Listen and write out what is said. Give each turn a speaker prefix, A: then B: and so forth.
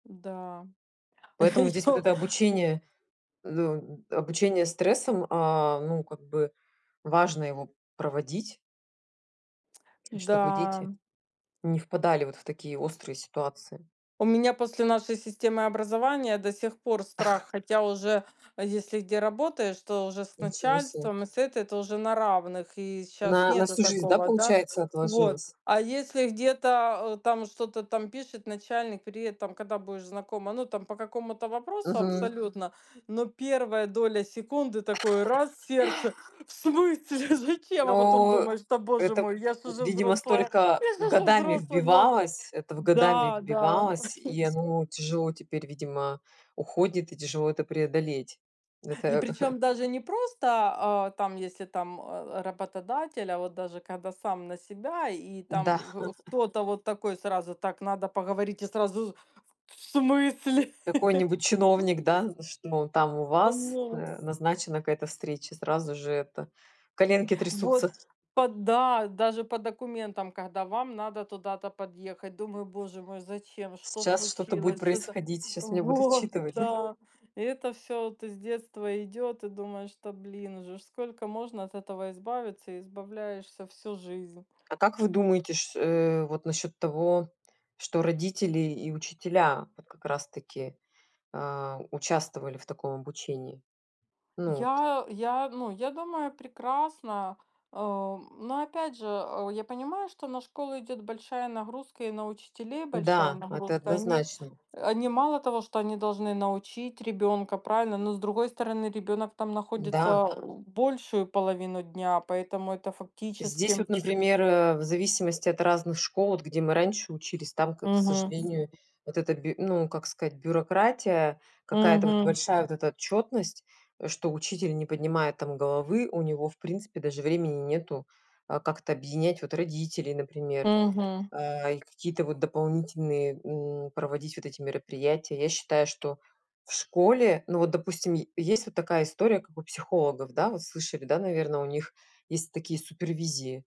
A: Да.
B: Поэтому здесь вот
A: Её
B: это обучение, ду м обучение стрессам, а ну как бы важно его проводить чтобы дети
A: Да.
B: не впадали вот в такие острые ситуации.
A: У меня после нашей системы образования до сих пор страх. Хотя уже, если где работаешь, то уже с
B: Ничего себе.
A: начальством и с этой это уже на равных, и щас
B: На на
A: нету
B: всю жизнь, да,
A: такого, да?
B: получается
A: Вот.
B: отложилось?
A: А если где-то, э, там что-то там пишет начальник: "Привет, там, когда будешь знакома?" Ну там по какому-то вопросу
B: Мгм.
A: абсолютно, но первая доля секунды такое раз в сердце: "В смысле? Зачем?" А потом
B: Ну,
A: думаешь: "Да, боже
B: это,
A: мой, я ж уже
B: видимо,
A: взрослая!
B: столько
A: Я ж уже
B: годами
A: взрослая!" Но
B: вбивалось, это в годами
A: Да, да.
B: вбивалось, и
A: Ск
B: оно тяжело теперь, видимо, уходит и тяжело это преодолеть.
A: И
B: Это
A: причём даже не просто, а, там, если там, а, работодатель, а вот даже когда сам на себя и там
B: Да.
A: к кто-то вот такой сразу: "Так, надо поговорить", я сразу: "В в смысле?"
B: Какой-нибудь чиновник, да, что, там у вас,
A: Нос.
B: э, назначена какая-то встреча, сразу же, это коленки
A: Вот,
B: трясутся.
A: по Да, даже по документам, когда вам надо туда-то подъехать. Думаю: "Боже мой, зачем? Что
B: Сейчас что-то будет
A: случилось? Что та"
B: происходить, сейчас меня будут
A: Вот,
B: отчитывать, да?
A: да. И это всё вот из детства идёт, и думаешь: "Да блин, уже ж сколько можно от этого избавиться", избавляешься всю жизнь.
B: А как вы думаете, ш э, вот насчет того, что родители и учителя вот как раз таки, э, участвовали в таком обучении? Ну вот
A: Я я ну, я думаю, прекрасно, э, но опять же, э, я понимаю, что на школы идёт большая нагрузка и на учителей большая
B: Да, это
A: нагрузка. Они,
B: однозначно.
A: они мало того, что они должны научить ребенка, правильно, но с другой стороны, ребенок там
B: Да.
A: находится большую половину дня, поэтому это
B: Здесь
A: фактически
B: вот, например, э, в зависимости от разных школ, вот где мы раньше учились, там, к к
A: Мгм.
B: сожалению, вот эта бю ну как сказать, бюрократия, какая-то вот
A: Мгм.
B: большая вот эта отчетность, что учитель не поднимает там головы, у него в принципе даже времени нету, э, как-то объединять вот родителей, например,
A: Мгм.
B: э, и какие-то вот дополнительные, м, проводить вот эти мероприятия. Я считаю, что в школе ну вот, допустим, е есть вот такая история, как у психологов, да, вот слышали, да, наверно, у них есть такие супервизии.